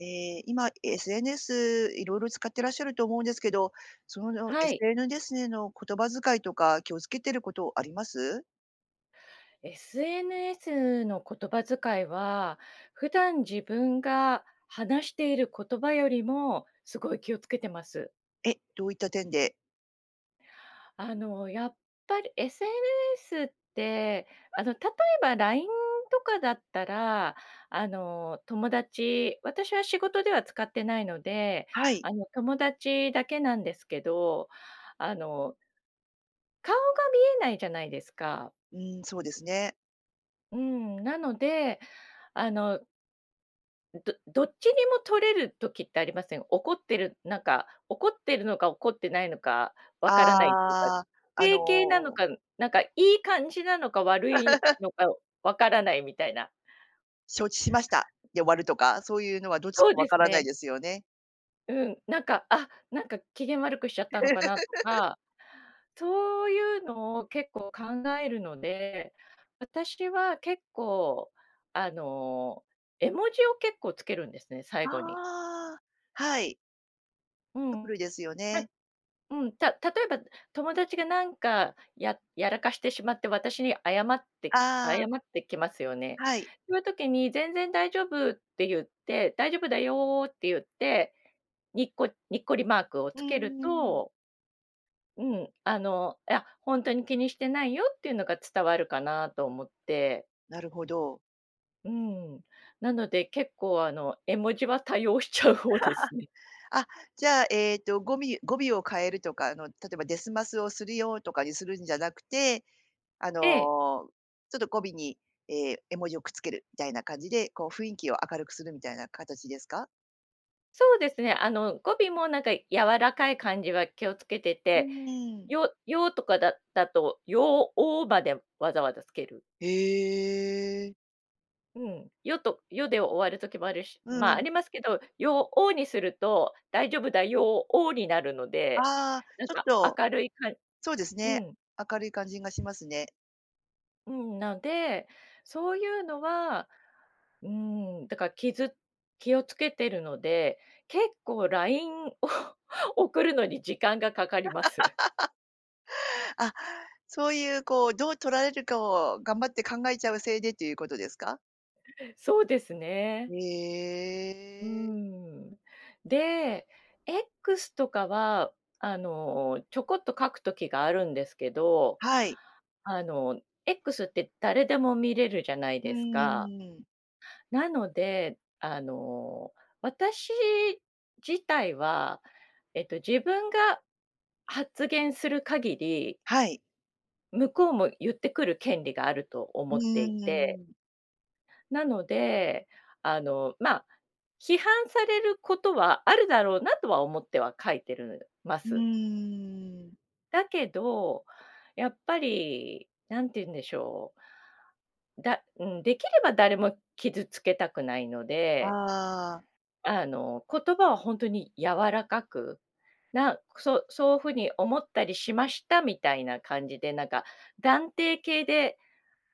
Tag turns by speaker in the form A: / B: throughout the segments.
A: え、今、SNS 色々使ってらっしゃると思うんですけど、その
B: は
A: エス
B: い。
A: エヌデスへの言葉遣いとか気を付けてることあります？
B: SNS の言葉遣いは、普段自分が話している言葉よりも、すごい気を付けてます。
A: え、どういった点で？
B: あの、やっぱり SNS って、あの、例えばラインとかだったら、あの、友達私は仕事では使ってないので、
A: はい。
B: あの友達だけなんですけど、あの顔が見えないじゃないですか。
A: うーん、そうですね。
B: うん、なので、あのどどっちにも取れる時ってありません。怒ってる、なんか、怒ってるのか怒ってないのかわからないっていうか、
A: ああ、
B: 否
A: あ
B: 定形なの
A: の
B: か、なんか、いい感じなのか悪い のかわからないみたいな。
A: 承知しました、で終わるとか、そういうのはどっち
B: そう
A: かわ
B: です
A: からない
B: ね。
A: ですよね。
B: うん、なんかあ、なんか機嫌悪くしちゃったのかなと か、そういうのを結構考えるので、私は結構あの絵文字を結構つけるんですね、最後に。
A: ああ、はい。
B: うん、
A: ですよ
B: ま
A: ね。
B: うん、た例えば友達がなんか、ややらかしてしまって私に謝って謝
A: ああ。
B: ってきますよね。
A: はい。
B: そういう時に「全然大丈夫」って言って「大丈夫だよ」って言って、ニッコニッコリマークを
A: う
B: つ
A: ー
B: ける
A: ん。
B: とうん、あの、え、や、本当に気にしてないよっていうのが伝わるかなと思って。
A: なるほど。
B: うーん、なので結構あの絵文字は多用しちゃう方ですね。
A: あ、じゃあえっとゴミ語尾を変えるとか、あの例えばですますをするよとかにするんじゃなくて、あの、
B: ええ。
A: ちょっと語尾に、え、絵文字をくっつけるみたいな感じで、こう雰囲気を明るくするみたいな形ですか？
B: そうですね、あの、語尾もなんか柔らかい感じは気をつけて
A: う
B: て、
A: ーん。
B: 「よよ」とかだだと「よお」までわざわざつける。
A: へえ。
B: うん、よとよで終わる時もあるし
A: う
B: まあ、あ
A: ん。
B: りますけど、よおにすると、大丈夫だよおになるので、
A: ああ、
B: なん
A: ちょっ
B: か
A: と
B: 明るいかん
A: そうです
B: う
A: ね、
B: ん。
A: 明るい感じがしますね。
B: うん、なで、そういうのは、うーん、だから気づ気をつけてるので、結構 LINE を送るのに時間が掛かります。
A: あ、そういうこう、どう取られるかを頑張って考えちゃうせいでということですか？
B: そうですね。
A: へ
B: うー
A: え。
B: ん。で、X とかは、あの、ちょこっと書く時があるんですけど、
A: はい。
B: あの、X って誰でも見れるじゃない
A: う
B: ですか？
A: ーん。
B: なので、あの、私自体は、えっと、自分が発言する限り
A: はい。
B: 向こうも言ってくる権利があると
A: う
B: 思ってい
A: ー
B: て
A: ん。
B: なので、あの、まあ、批判されることはあるだろうなとは思っては書いてるま
A: う
B: す。
A: ーん。
B: だけど、やっぱり、何て言うんでしょう。だうん、できれば誰も傷つけたくないので。
A: ああ。
B: あの、言葉はほんとに柔らかく、なそそうふに思ったりしましたみたいな感じで、なんか、断定形で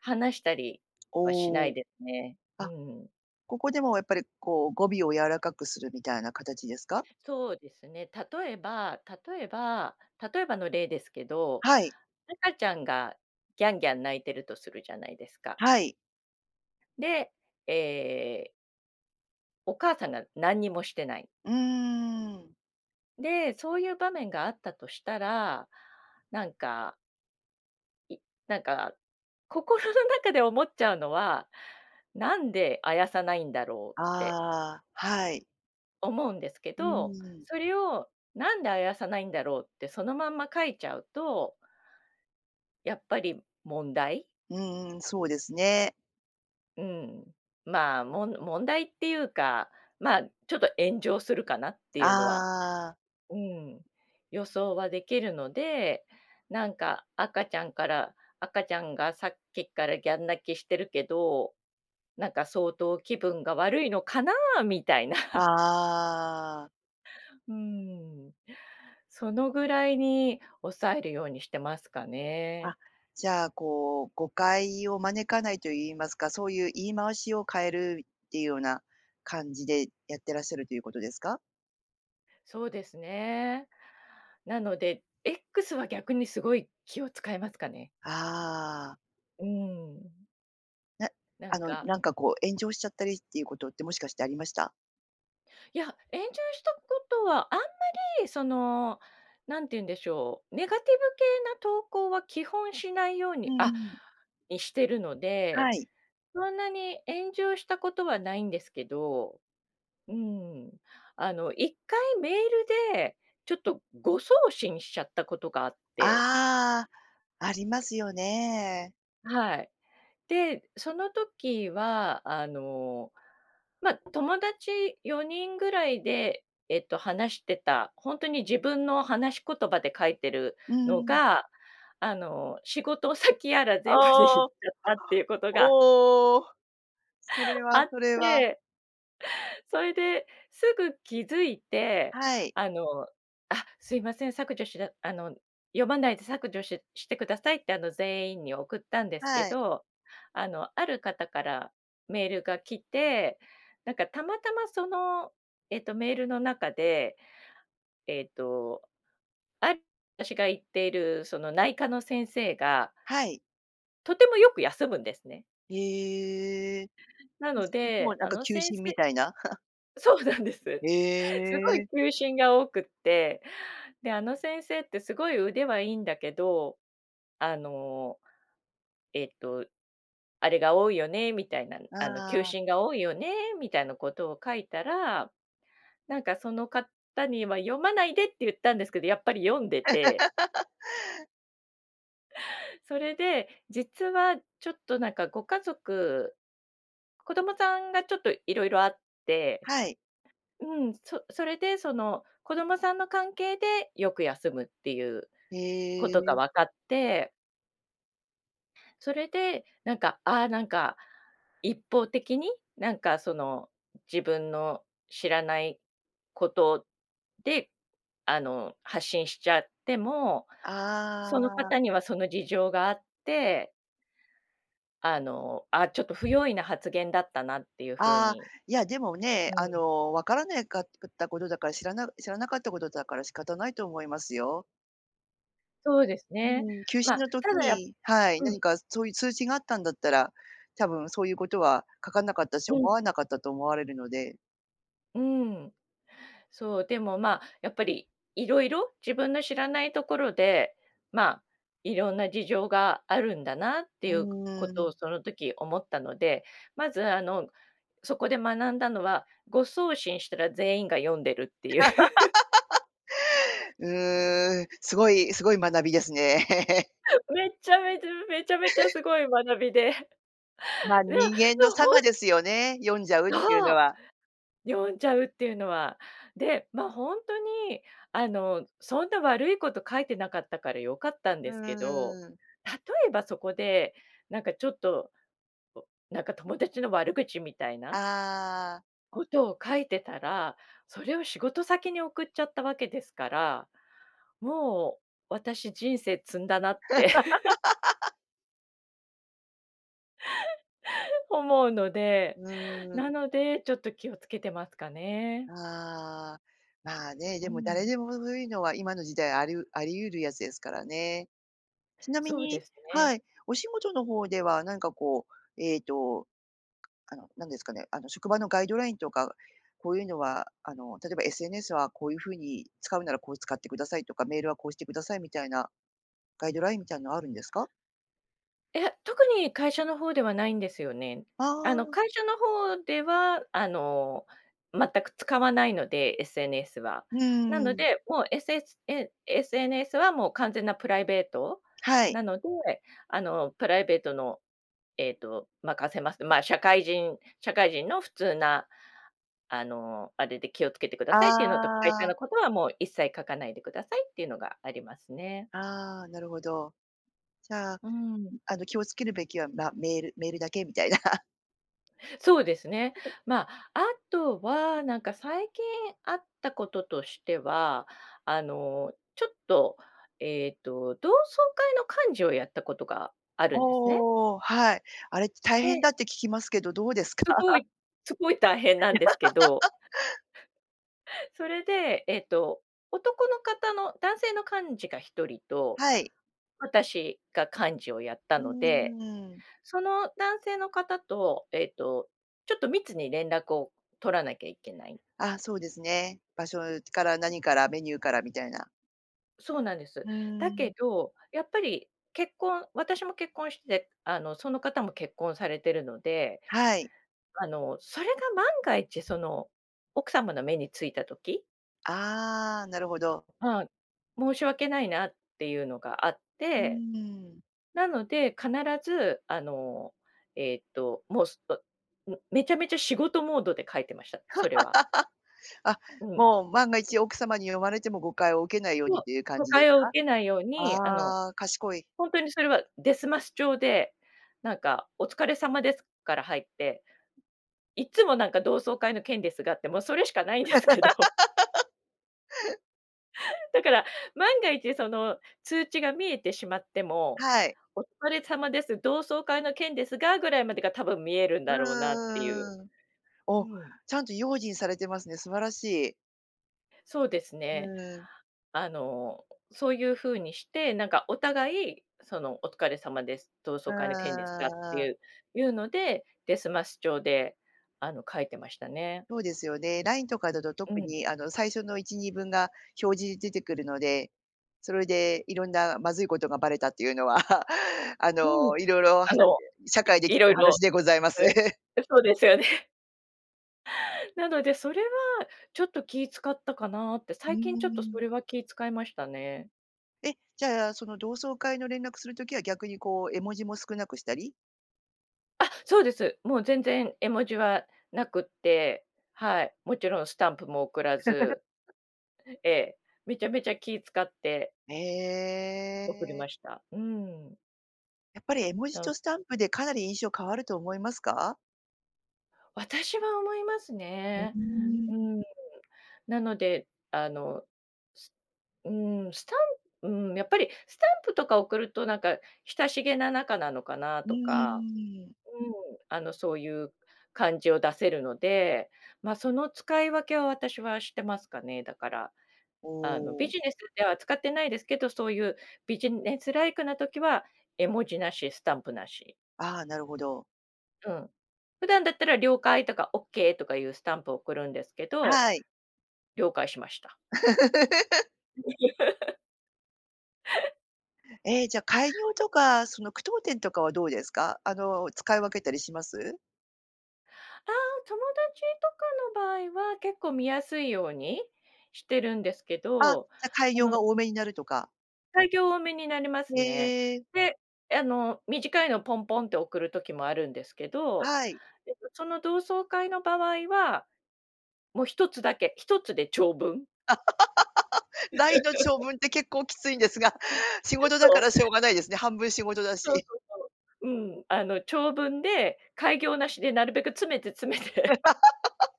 B: 話したりはしな
A: お
B: い
A: お。
B: ですね。う
A: あ、
B: ん。
A: ここでもやっぱり、こう、語尾を柔らかくするみたいな形ですか？
B: そうですね、例えば例えば例えばの例ですけど、
A: はい。
B: 赤ちゃんがギャンギャン泣いてるとするじゃないですか。
A: はい。
B: で、ええお母さんがなんにもしてない。
A: うーん。
B: で、そういう場面があったとしたら、なんかいなんか、心の中で思っちゃうのは、なんであやさないんだろうって
A: ああ、はい。
B: 思うんですけ
A: うー
B: ど。
A: ん。
B: それを、なんであやさないんだろうってそのまんま書いちゃうとやっぱり問題。
A: うんうん、そうですね。
B: うん、まあ、もん問題っていうか、まあちょっと炎上するかなっていうのは
A: ああ。
B: うん、予想はできるので、なんか赤ちゃんから赤ちゃんがさっきからギャン泣きしてるけど、なんか相当気分が悪いのかなあみたいな。
A: ああ。
B: うーん、そのぐらいに抑えるようにしてますかね。
A: あ、じゃあこう誤解を招かないと言いますか、そういう言い回しを変えるっていうような感じでやってらっしゃるということですか？
B: そうですね。なので、X は逆にすごい気を使いますかね。
A: ああ。
B: うん。
A: な、
B: なん
A: あの
B: か。
A: なんかこう炎上しちゃったりっていうことってもしかしてありました？
B: いや、炎上したことはあんまりその何て言うんでしょう、ネガティブ系な投稿は基本しないよう
A: うん
B: にあ、
A: うん。
B: にしてるの
A: は
B: で、
A: い。
B: そんなに炎上したことはないんですけど、うん、あの1回メールでちょっと誤送信しちゃったことがあって。
A: ああ、ありますよね。
B: はい。で、その時はあの、ま友達4人ぐらいでえっと話してた、ほんとに自分の話し言葉で書いてる
A: うー
B: の
A: ん。
B: が、あの、仕事先やら全部でいっちゃ
A: おお、
B: ったっていうことが
A: おお、それ
B: あ
A: は
B: っ
A: それは。
B: てそいですぐ気づいて、
A: はい。
B: あの、あ、すいません、削除しだあの読まないで削除ししてくださいってあの全員に送ったんですけ
A: はい。
B: ど、あのある方からメールが来て、なんかたまたまそのえっとメールの中で、ええと、ああたしが行っているその内科の先生が
A: はい。
B: とてもよく休むんですね。
A: へえ、
B: な
A: い
B: の
A: ついつも
B: で、
A: なん
B: あ
A: か
B: の
A: 休
B: 先
A: 診み
B: 生
A: たいな？
B: そうなんです。
A: へ
B: すごい
A: え。
B: 休診が多くって、であの先生ってすごい腕はいいんだけど、あの、えっと、あれが多いよねみたいな、
A: あ
B: あの休
A: あ。
B: 診が多いよねみたいなことを書いたら、なんかその方には読まないでって言ったんですけど、やっぱり読んでて それで、実は、ちょっとなんか、ご家族、子供さんがちょっと色々あって
A: はい。
B: うん、そそれで、その、子供さんの関係でよく休むっていう
A: へ
B: ことが
A: え。
B: 分かって。それで、なんか、ああ、なんか、一方的に、なんか、その、自分の知らないことで、あの、発信しちゃっても、その
A: ああ。
B: 方にはその事情があってあの、あ、ちょっと不用意な発言だったなっていうふう
A: ああ、
B: に
A: いや、でも、ね、
B: う
A: あ
B: ん。
A: の、わからねいかつくったことだから、知らな知らなかったことだから仕方ないと思いますよ。
B: そうです
A: う
B: ね。
A: ーん、休止
B: ま、
A: の
B: た
A: 時
B: だや
A: にはい、
B: うん。
A: 何かそういう通知があったんだったら、多分そういうことは書かなかったし、
B: う
A: 思
B: ん。
A: わなかったと思われるので。
B: うーん。そう、でも、ま、やっぱり、いろいろ自分の知らないところで、ま、いろんな事情があるんだなって
A: う
B: いうこ
A: ー
B: とを
A: ん。
B: その時思ったので、まず、あの、そこで学んだのは、誤送信したら全員が読んでるっていう。
A: うーん、すごい、すごい学びですね。やっぱり。
B: めっちゃめちゃ、めちゃめちゃす ごい学びで、いや、で
A: ま、人間の
B: もほ
A: 性
B: ん
A: ですよね、読んじゃうっていう
B: そ
A: の
B: う。
A: は。
B: 読んじゃうっていうのは。で、ま、ほんとに、あの、そんな悪いこと書いてなかったから良かったん
A: う
B: ですけど、
A: ーん。
B: 例えばそこで、なんかちょっと、こ、なんか友達の悪口みたいな
A: ああ。
B: ことを書いてたら、それを仕事先に送っちゃったわけですから、もう、私、人生積んだなって。思うので、
A: うー
B: な
A: ん。
B: ので、ちょっと気を付けてますかね。
A: ああ、まあね、
B: う
A: でも、誰
B: ん。
A: でも、ふふいのは今の時代、ありうありゆるやつですからね。ちなみ
B: そうで
A: に
B: すね。
A: はい。お仕事の方では何かこう、えと、あの、何ですかね、あの、職場のガイドラインとか、こういうのはあの例えば SNS はこういう風に使うならこう使ってくださいとか、メールはこうしてくださいみたいな、ガイドラインみたいんなあるんですか？
B: いえ、特に会社の方ではないんですよね。
A: あ
B: あの
A: あ。
B: 会社の方ではあの、全く使わないので、SNS は。
A: うー
B: なの
A: ん。
B: で、もう SS え SNS はもう完全なプライベート
A: はい。
B: なので、あの、プライベートのえっと任せますと、まあ、社会人社会人の普通な、あの、あれで気を付けてくだ
A: あ
B: さいっていうのと、会社
A: あ。
B: のことは、もう一切書かないでくださいっていうのがありますね。
A: ああ、なるほど。じゃあ、う、
B: うん。
A: あの気を付けるべきは、ま、メールメールだけみたいな。
B: そうですね。ま、あとは、なんか、最近あったこととしては、あの、ちょっと、ええと、同窓会の幹事をやったことがあるんですね。
A: おお、はい。あれって大
B: で。
A: 変だって聞きますけど、どうですか？
B: すごいすごい大変なんですけど。それで、ええと、男の方の男性の幹事が1人と、
A: はい。
B: 私が幹事をやった
A: うー
B: ので、
A: ん。
B: その男性の方と、ええと、ちょっと、密に連絡を取らなきゃいけない。
A: あ、そうですね。場所から 何から、メニューからみたいな。
B: そうなんで
A: う
B: す。
A: ー
B: だ
A: ん。
B: けど、やっぱり、結婚私も結婚して、あの、その方も結婚されてるので、
A: はい。
B: あの、それが万が一、その、奥様の目についた時
A: ああ、なるほど。
B: はい、申し訳ないなっていうのがあっ
A: う
B: て。
A: ーん。
B: なので、必ず、あの、えっと、もう、すとん、めちゃめちゃ仕事モードで書いてました、それは。
A: あ、
B: うん。
A: もう、万が一奥様に読まれても誤解を受けないよう
B: そう、
A: にという感
B: 誤
A: じです
B: 解を
A: か？
B: 受けないように、あの、
A: ああ、賢い。
B: 本当にそれは、ですます調で、なんか、お疲れ様ですから入って、いっつも、なんか、同窓会の件ですがって、もう、それしかないんですけど。だから、万が一その通知が見えてしまっても、
A: はい。
B: お疲れ様です、同窓会の件ですが、ぐらいまでが多分見えるんだろうなっていう。
A: うーん。
B: う
A: お、
B: ん。
A: ちゃんと用心されてますね、素晴らしい。
B: そうです
A: う
B: ね。
A: ーん。
B: あの、そういう風にして、なんか、お互い、その、お疲れ様です、同窓会の件です
A: あ
B: がってい
A: あ。
B: ういうので、ですます調で、あの、書いてましたね。
A: そうですよね、LINE とかだと
B: う
A: 特
B: ん。
A: に、あの、最初の1、2文が表示出てくるので、それで、いろんなまずいことがバレたっていうのは、あ
B: うん。
A: の、いろいろ
B: あ
A: 話で、
B: の、
A: 社
B: い
A: 会で聞い
B: いろい
A: た
B: ろ、
A: 話でございます。
B: うん、ん、そうですよね。なので、それはちょっと気使ったかなって、
A: うー
B: 最近ちょっとそ
A: ん。
B: れは気使いましたね。
A: え、じゃあ、その同窓会の連絡する時は逆に、こう、絵文字も少なくしたり？
B: あ、そうです。もう全然絵文字はなくって。はい。もちろんスタンプも送らず。ええ、めちゃめちゃ気使って送り
A: ええ。
B: ました。うーん。
A: やっぱり絵文字
B: と。
A: とスタンプでかなり印象変わると思いますか？
B: 私は思います
A: うー
B: ね。う
A: ん。
B: ーん。なので、あの、すうーん、スタンうーん、やっぱりスタンプとか送ると、なんか、親しげな仲なのかな
A: う
B: とか、
A: ーん。
B: うん、あの、そういう感じを出せるので、ま、その、使い分けは私はしてますかね、だから、
A: お
B: あの、ビ
A: お。
B: ジネスでは使ってないですけど、そういうビジネスライクな時は、絵文字なし、スタンプなし。
A: ああ、なるほど。
B: うん。普段だったら了解とかオッケーとかいうスタンプを送るんですけど、
A: はい。
B: 了解しました。
A: え、じゃあ、改 行とか、その、句読点とかはどうですか？あの、使い分けたりします？
B: ああ、友達とかの場合は、結構見やすいようにしてるんですけ
A: あ、
B: ど、
A: じゃ、改
B: あ
A: 行
B: の。
A: が多めになるとか。
B: 改行多めになります
A: へ
B: ね。
A: え。
B: で、あの、短いのポンポンって送る時もあるんですけど、
A: はい。
B: えと、その、同窓会の場合は、も、1つだけ、1つで長文。
A: ラインの長 文って結構きついんですが、仕 事だ
B: そ
A: から
B: う。
A: しょうがないですね。半分仕事だ
B: そう
A: し。
B: そうそう。うん。あの、長文で改行なしでなるべく詰めて詰めて。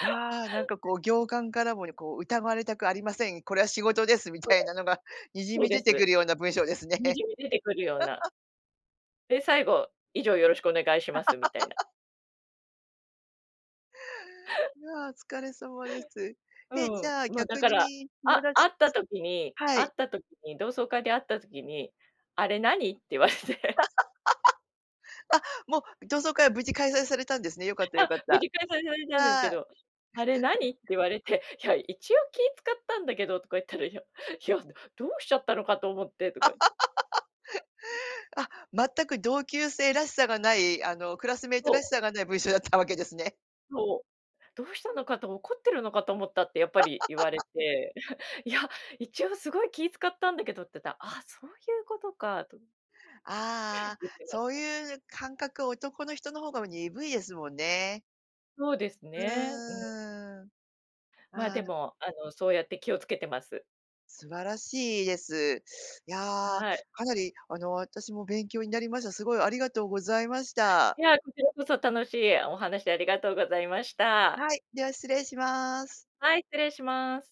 A: ああ、なんか、こう、行間からもね、こう、疑われたくありません、これは仕事ですみ
B: そう
A: たいなのがにじ
B: そう
A: み
B: で
A: 出
B: す。
A: てくるような文章ですね。
B: にじみ出てくるような で、最後、以上よろしくお願いしますみたいな。
A: いや、お疲れ様です。え、じゃあ、
B: うん、ま、だ
A: 逆
B: から、
A: に友
B: あ会
A: 達、
B: った時に
A: は
B: 会っ
A: い。
B: た時に、同窓会で会った時に、あれ何って言われ て。
A: あ、もう、同窓会は無事開催されたんですね、よかったよ
B: あ、
A: かっ
B: 無
A: た。
B: 事開催されたんですけ
A: はい。
B: ど、「あれ何？」って言われて、「いや、一応気使ったんだけど」とか言ったら、「いや、いや、どうしちゃったのかと思って」とか言って。
A: あ、全く同級生らしさがない、あの、クラスメイト
B: そ
A: らし
B: う。
A: さがない文章だったわけですね。
B: そう、「どうしたのかと、怒ってるのかと思った」ってやっぱり言われ て、「いや、一応すごい気使ったんだけど」ってさ、あ、そういうことかと
A: ああ、
B: 言ってまし
A: そう
B: た。
A: いう感覚、男の人の方が鈍いですもんね。
B: そうです
A: う
B: ね、うん。
A: ーん。
B: ま、
A: あ
B: で
A: あ。
B: も、あの、そうやって気をつけてます。
A: 素晴らしいです。やあ、
B: はい。
A: かなり、あの、私も勉強になりました。すごいありがとうございました。
B: いや、こちらこそ楽しいお話ありがとうございました。
A: はい、では失礼します。
B: はい、失礼します。